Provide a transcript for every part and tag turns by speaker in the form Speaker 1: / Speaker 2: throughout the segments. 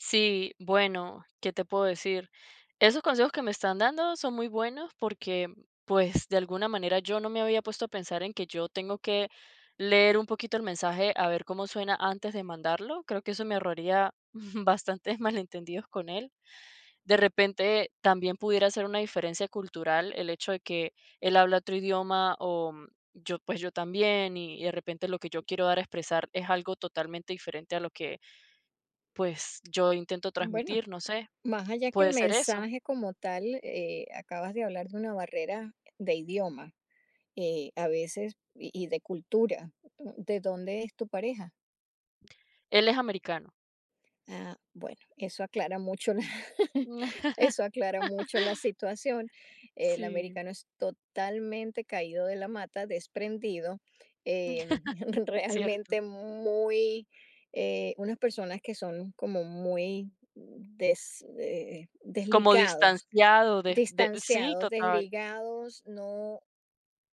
Speaker 1: Sí, bueno, ¿qué te puedo decir? Esos consejos que me están dando son muy buenos porque, pues de alguna manera yo no me había puesto a pensar en que yo tengo que leer un poquito el mensaje a ver cómo suena antes de mandarlo. Creo que eso me ahorraría bastantes malentendidos con él. De repente también pudiera ser una diferencia cultural el hecho de que él habla otro idioma o yo, pues yo también y y de repente lo que yo quiero dar a expresar es algo totalmente diferente a lo que, pues yo intento
Speaker 2: Bueno,
Speaker 1: transmitir, no sé.
Speaker 2: más allá que el
Speaker 1: ¿Puede ser eso?
Speaker 2: mensaje como tal, eh, acabas de hablar de una barrera de idioma, eh, a veces y y de cultura. ¿De dónde es tu pareja?
Speaker 1: Él es americano.
Speaker 2: Ah, bueno, eso aclara mucho la eso aclara mucho la situación. El
Speaker 1: Sí.
Speaker 2: americano es totalmente caído de la mata, desprendido, eh,
Speaker 1: Cierto.
Speaker 2: realmente muy, eh, unas personas que son como muy des eh,
Speaker 1: Como
Speaker 2: desligados,
Speaker 1: distanciado de de sí,
Speaker 2: distanciados,
Speaker 1: total.
Speaker 2: desligados, no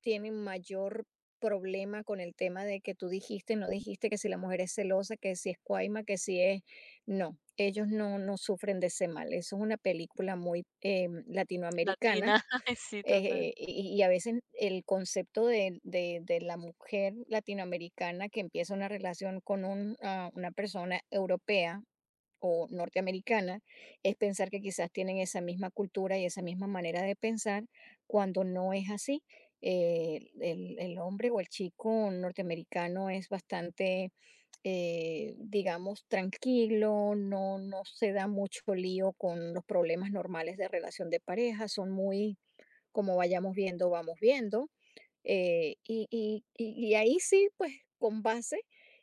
Speaker 2: tienen mayor problema con el tema de que tú dijiste, no dijiste, que si la mujer es celosa, que si es cuaima, que si es no, ellos no no sufren de ese mal. Eso es una película muy, eh, latinoamericana,
Speaker 1: Latina, ay, sí, total.
Speaker 2: eh, y y a veces el concepto de de de la mujer latinoamericana que empieza una relación con un ah, una persona europea o norteamericana es pensar que quizás tienen esa misma cultura y esa misma manera de pensar, cuando no es así, eh, el el hombre o el chico norteamericano es bastante, eh, digamos, tranquilo, no no se da mucho lío con los problemas normales de relación de pareja, son muy como: "Vayamos viendo, vamos viendo". Eh, y y y y ahí sí, pues, con base,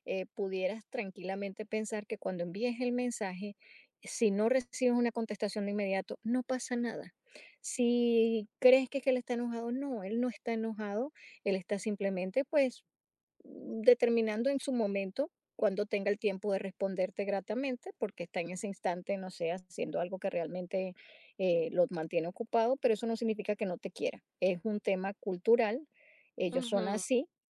Speaker 2: eh, pudieras tranquilamente pensar que cuando envíes el mensaje, si no recibes una contestación de inmediato, no pasa nada. Si crees que es que él está enojado, no, él no está enojado, él está simplemente, pues, determinando en su momento cuándo tenga el tiempo de responderte gratamente, porque está en ese instante, no sé, haciendo algo que realmente, eh, lo mantiene ocupado, pero eso no significa que no te quiera. Es un tema cultural, ellos son
Speaker 1: Ujú.
Speaker 2: así